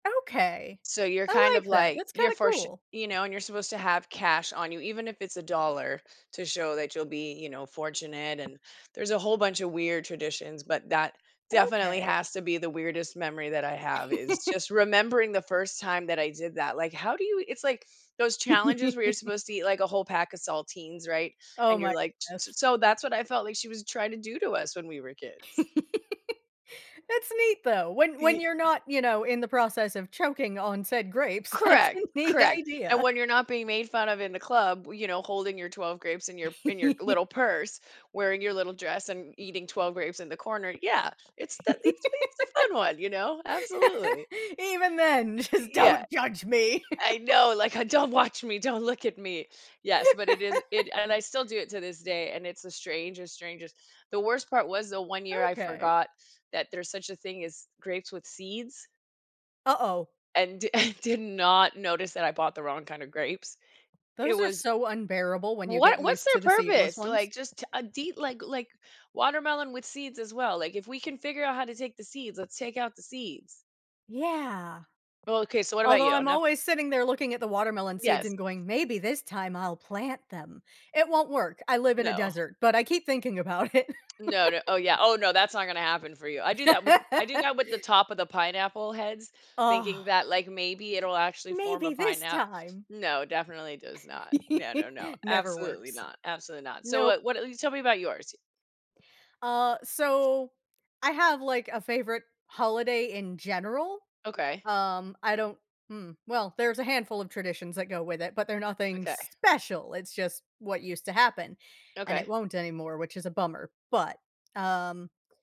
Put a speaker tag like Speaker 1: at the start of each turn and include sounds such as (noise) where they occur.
Speaker 1: Okay.
Speaker 2: So you're kind
Speaker 1: I
Speaker 2: of
Speaker 1: like that,
Speaker 2: like
Speaker 1: that's
Speaker 2: you're
Speaker 1: kinda
Speaker 2: for s
Speaker 1: cool.
Speaker 2: you know, and you're supposed to have cash on you, even if it's $1 to show that you'll be, you know, fortunate and there's a whole bunch of weird traditions, but that definitely
Speaker 1: Okay
Speaker 2: has to be the weirdest memory that I have is just
Speaker 1: (chuckles)
Speaker 2: remembering the first time that I did that, like, how do you it's like those challenges where you're
Speaker 1: (chuckles)
Speaker 2: supposed to eat like a whole pack of saltines, right?
Speaker 1: Oh
Speaker 2: And you're
Speaker 1: my
Speaker 2: like s
Speaker 1: ness.
Speaker 2: s so that's what I felt like she was trying to do to us when we were kids.
Speaker 1: (laughs) It's neat though, when when
Speaker 2: Ye
Speaker 1: you're not, you know, in the process of choking on said grapes, that's
Speaker 2: Correct,
Speaker 1: a neat
Speaker 2: correct. And
Speaker 1: idea.
Speaker 2: when you're not being made fun of in the club b you know, holding your 12 grapes in your in your little
Speaker 1: (laughs)
Speaker 2: purse, wearing your little dress and eating 12 grapes in the corner, yeah, it's that it's me, it's the fun one, you know, absolutely.
Speaker 1: (laughs) Even then,
Speaker 2: Y
Speaker 1: just
Speaker 2: yeah.
Speaker 1: don't judge me. (laughs)
Speaker 2: I know, like, uh, "Don't watch me, don't look at me." Yes, but it is it
Speaker 1: (laughs)
Speaker 2: and I still do it to this day, and it's the strangest, strangest The worst part was the one year I
Speaker 1: Okay.
Speaker 2: forgot that there's such a thing as grapes with seeds
Speaker 1: Uh-oh.
Speaker 2: and di and did not notice that I bought the wrong kind of grapes. It
Speaker 1: Those are
Speaker 2: was
Speaker 1: so unbearable when
Speaker 2: W
Speaker 1: you get
Speaker 2: What what's
Speaker 1: used
Speaker 2: their
Speaker 1: to the seedless
Speaker 2: purpose,
Speaker 1: ones.
Speaker 2: like, just a det like like watermelon with seeds as well, like, if we can figure out how to take the seeds, let's take out the seeds.
Speaker 1: Yeah.
Speaker 2: Oh, okay, so what about
Speaker 1: Although
Speaker 2: you?
Speaker 1: I'm
Speaker 2: Enough
Speaker 1: always sitting there looking at the watermelon seeds
Speaker 2: Yes.
Speaker 1: and going, "Maybe this time I'll plant them." It won't work, I live in a
Speaker 2: No.
Speaker 1: desert, but I keep thinking about it.
Speaker 2: No, no oh
Speaker 1: (laughs)
Speaker 2: yeah oh no, that's not gonna happen for you. I do that with I do that
Speaker 1: (laughs)
Speaker 2: with the top of the pineapple heads, thinking
Speaker 1: Oh.
Speaker 2: that, like, maybe it'll actually form a
Speaker 1: "Maybe this
Speaker 2: pineapp
Speaker 1: time."
Speaker 2: No, definitely does not. Yeah, no, no,
Speaker 1: (laughs) Never
Speaker 2: absolutely
Speaker 1: works.
Speaker 2: not, absolutely not. So,
Speaker 1: Nope.
Speaker 2: what what you tell me about yours
Speaker 1: Uh, so I have, like, a favorite holiday in general.
Speaker 2: Okay.
Speaker 1: Um, I don't hmm? Well, there's a handful of traditions that go with it, but they're nothing
Speaker 2: Okay.
Speaker 1: special, it's just what used to happen, and it
Speaker 2: Okay.
Speaker 1: won't anymore, which is a bummer, but, um